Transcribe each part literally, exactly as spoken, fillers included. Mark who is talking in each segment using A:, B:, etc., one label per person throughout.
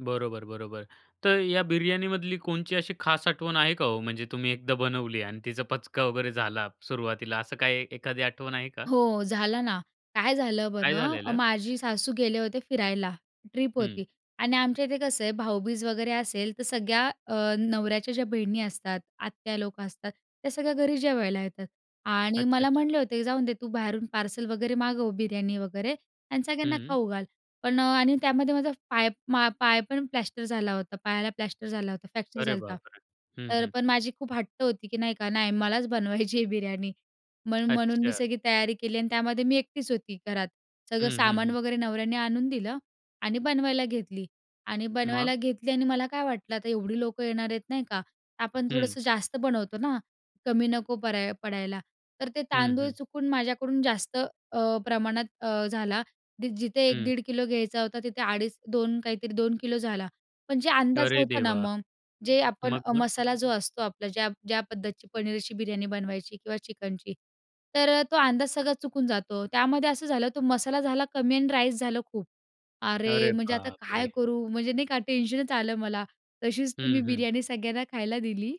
A: बरोबर-बरोबर. तर या बिर्याणीमधली कोणची अशी खास आठवण आहे का हो, म्हणजे तुम्ही एकदा बनवली आणि तिचा पचका वगैरे झाला सुरुवातीला, असं काही एखादी आठवण आहे का?
B: हो. झालं ना, काय झालं
A: काय
B: बरं
A: झालेलं?
B: माझी सासू गेले होते फिरायला ट्रिप
A: हं.
B: होती आणि आमच्या इथे कसं आहे? भाऊबीज वगैरे असेल तर सगळ्या अ, नवऱ्याच्या ज्या बहिणी असतात, आत्या-लोक असतात, त्या सगळ्या घरी जेवायला येतात आणि मला
A: अच्छ-अच्छा.
B: म्हटले होते, "जाऊन दे, तू बाहेरून पार्सल वगैरे मागव, बिर्यानी वगैरे आणि सगळ्यांना
A: हं.
B: खाऊ घाल." पण आणि त्यामध्ये माझा पाय मा पाय पण प्लॅस्टर झाला होता. पायाला प्लॅस्टर झाला होता. फ्रॅक्चर
A: अरे
B: झालता.
A: बापरे! हं,
B: तर
A: हं.
B: पण माझी खूप हट्ट होती, की नाही का नाही मलाच बनवायची आहे बिर्याणी म्हणून म्हणून मी
A: अच्छा.
B: सगळी तयारी केली आणि त्यामध्ये मी एकटीच होती घरात. सगळं
A: हं, हं,
B: सामान
A: हं.
B: वगैरे नवऱ्याने आणून दिलं आणि बनवायला घेतली आणि
A: मग?
B: बनवायला घेतली आणि मला काय वाटलं, आता एवढी लोकं येणार आहेत, नाही का? आपण
A: हं.
B: थोडंसं जास्त बनवतो ना, कमी नको पऱ्या पडायला तर ते
A: हं,
B: तांदूळ
A: हं.
B: चुकून माझ्याकडून जास्त अ, प्रमाणात अ, झाला. दी जिथे एक
A: हं.
B: दीड किलो घ्यायचा होता, तिथे अडीच-दोन काहीतरी दोन किलो झाला. पण जे अंदाज
A: अरे,
B: होता ना,
A: देवा!
B: मग जे आपण अ,
A: मग-मग?
B: मसाला जो असतो आपला ज्या ज्या पद्धतीची पनीरची बिर्याणी बनवायची किंवा चिकनची तर तो अंदाज सगळा चुकून जातो, त्यामध्ये असं झालं तो मसाला झाला कमी आणि राईस झालं खूप. अरे!
A: अरे
B: म्हणजे आता काय
A: बापरे!
B: करू? म्हणजे नाही का? टेन्शनच आलं मला. तशीच ती मी
A: हं, हं.
B: बिर्याणी सगळ्यांना खायला दिली.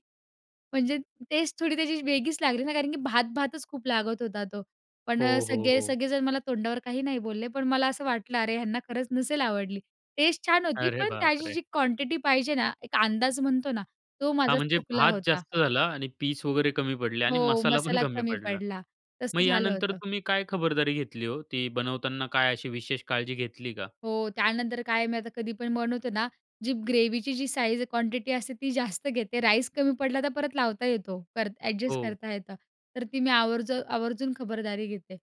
B: म्हणजे टेस्ट थोडी त्याची वेगळीच लागली ना, कारण की भात-भातच खूप लागत होता तो. पण
A: हो, हो,
B: सगळे
A: हो.
B: सगळे जण मला तोंडावर काही नाही बोलले पण मला असं वाटलं अरे, ह्यांना खरंच नसेल आवडली. टेस्ट छान होती
A: अरे,
B: पण त्याची
A: बापरे!
B: जी क्वांटिटी पाहिजे ना, एक अंदाज म्हणतो ना तो
A: हा
B: माझा
A: म्हणजे
B: चुकला
A: भात
B: होता.
A: जास्त झाला आणि पीस वगैरे कमी पडले आणि
B: हो,
A: मसाला पण
B: मसाला
A: कमी
B: कमी
A: पडला
B: पडला,
A: मग
B: तसं झालं
A: यानंतर
B: होतं.
A: तुम्ही काय खबरदारी घेतली हो, ती बनवताना काय अशी विशेष काळजी घेतली का?
B: हो, त्यानंतर काय आहे मी आता कधी पण बनवतोना जी ग्रेव्हीची जी साइझ क्वांटिटी असते ती जास्त घेते राईस कमी पडला तर परत लावता येतो करता एडजस्ट
A: हो.
B: करता येतं. तर ती मी आवर्ज आवर्जून खबरदारी घेते.